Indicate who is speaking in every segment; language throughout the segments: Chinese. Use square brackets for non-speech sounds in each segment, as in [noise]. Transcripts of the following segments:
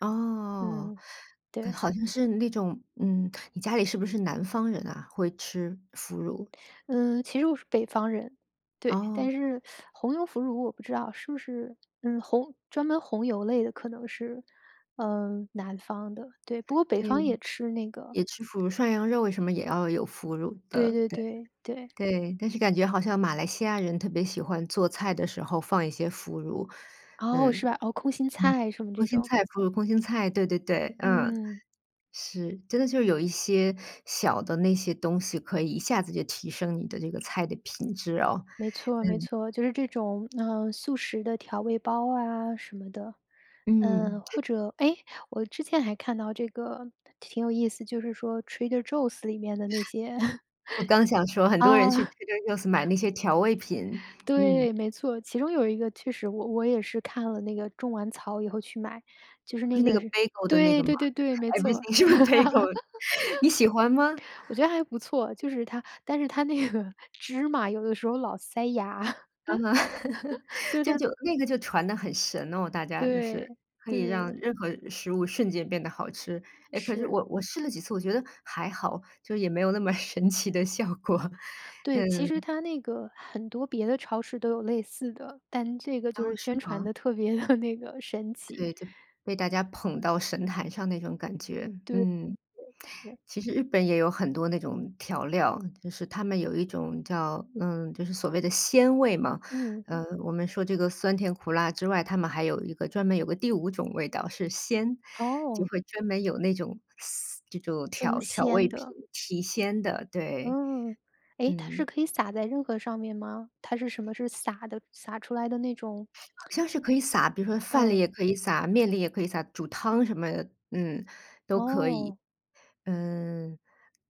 Speaker 1: 哦，
Speaker 2: 嗯，
Speaker 1: 嗯，
Speaker 2: 对。
Speaker 1: 好像是那种嗯，你家里是不是南方人啊？会吃腐乳。
Speaker 2: 嗯，其实我是北方人，对，
Speaker 1: 哦。
Speaker 2: 但是 [sucks teeth] 红油腐乳我不知道，是不是嗯，红专门红油类的可能是，呃，南方的，对，不过北
Speaker 1: 对，
Speaker 2: 方也吃那个。
Speaker 1: 也吃腐乳，涮羊肉什么也要有腐乳
Speaker 2: 对
Speaker 1: 的，
Speaker 2: 对
Speaker 1: 对，
Speaker 2: 对，对。
Speaker 1: 对。但是感觉好像马来西亚人特别喜欢做菜的时候放一些腐乳，
Speaker 2: 哦，
Speaker 1: 嗯，
Speaker 2: 是
Speaker 1: 嗯，
Speaker 2: 吧，哦，空心菜什么
Speaker 1: 空
Speaker 2: 这
Speaker 1: 心
Speaker 2: 种。
Speaker 1: 菜腐乳空心菜，对对对，嗯。
Speaker 2: 嗯。
Speaker 1: 是，真的就是有一些小的那些东西可以一下子就提升你的这个菜的品质哦。
Speaker 2: 没错没
Speaker 1: 嗯。
Speaker 2: 错，就是这种，呃，素食的调味包啊什么的，嗯，
Speaker 1: 嗯。
Speaker 2: 或者哎，我之前还看到这个挺有意思，就是说 Trader Joe's 里面的那些，[chuckles]
Speaker 1: 我刚想说很多人
Speaker 2: 哦。
Speaker 1: 去
Speaker 2: [chuckles]
Speaker 1: Trader Joe's 买那些调味品，嗯。
Speaker 2: 对，没错，其中有一个确实我我也是看了那个种完草以后去买，就是那
Speaker 1: 是那
Speaker 2: 个
Speaker 1: 个
Speaker 2: 是
Speaker 1: Bagel 的那个
Speaker 2: 对
Speaker 1: 吗？
Speaker 2: 对对对，没错。
Speaker 1: everything 是不是 bagel，你喜欢吗？
Speaker 2: [laughs] 我觉得还不错，就是它但是它那个芝麻有的时候老塞牙，[chuckles]
Speaker 1: 啊，[laughs]
Speaker 2: 就是
Speaker 1: 就
Speaker 2: 它
Speaker 1: 就那个就传得很神哦大家就是，
Speaker 2: 对，
Speaker 1: 可以让
Speaker 2: 对。
Speaker 1: 任何食物瞬间变得好吃，哎，可是
Speaker 2: 是。
Speaker 1: 我我试了几次，我觉得还好，就是也没有那么神奇的效果，
Speaker 2: 对，其实
Speaker 1: 嗯。
Speaker 2: 它那个很多别的超市都有类似的，但这个就
Speaker 1: 哦，
Speaker 2: 是
Speaker 1: 是
Speaker 2: 宣传
Speaker 1: 吗？
Speaker 2: 得特别地那个神奇。
Speaker 1: 对，就，被大家捧到神坛上那种感觉，
Speaker 2: 对对
Speaker 1: 嗯。
Speaker 2: 对对。
Speaker 1: 其实日本也有很多那种调料，就是他们有一种叫嗯，就是所谓的鲜味嘛，
Speaker 2: 嗯。
Speaker 1: 呃，我们说这个酸甜苦辣之外，他们还有一个专门有个第五种味道是鲜，就
Speaker 2: 哦。
Speaker 1: 会专门有那种嘶这种
Speaker 2: 增
Speaker 1: 调调味
Speaker 2: 鲜
Speaker 1: 品，
Speaker 2: 的。
Speaker 1: 提鲜的，对。
Speaker 2: 嗯，诶，它是
Speaker 1: 嗯。
Speaker 2: 可以撒在任何上面吗？它是什么？是撒的撒出来的那种？
Speaker 1: 好像是可以撒比如说饭里
Speaker 2: 嗯。
Speaker 1: 也可以撒，面里也可以撒，煮汤什么的嗯，都可以，
Speaker 2: 哦。
Speaker 1: 嗯。有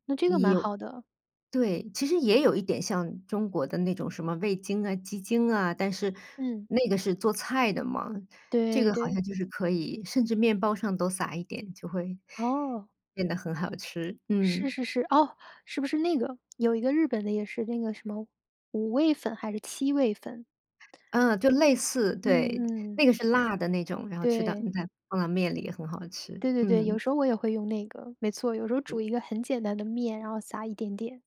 Speaker 2: 那这个蛮好的。
Speaker 1: 对，其实也有一点像中国的那种什么味精啊、鸡精啊，但是
Speaker 2: 嗯。
Speaker 1: 那个是做菜的嘛，这
Speaker 2: 对
Speaker 1: 个好
Speaker 2: 对。
Speaker 1: 像就是可以，甚至面包上都撒一点，就会，
Speaker 2: 哦。
Speaker 1: 变得很好吃，
Speaker 2: 是
Speaker 1: 嗯。
Speaker 2: 是是，哦，是不是那个有一个日本的也是那个什么五味粉还是七味粉。
Speaker 1: 嗯，就类似对，
Speaker 2: 嗯嗯。
Speaker 1: 那个是辣的那种，然后吃到
Speaker 2: 对。
Speaker 1: 嗯，在放到面里也很好吃，
Speaker 2: 对对对，
Speaker 1: 嗯。
Speaker 2: 有时候我也会用那个，没错，有时候
Speaker 1: 嗯。
Speaker 2: 煮一个很简单的面，然后撒一点点。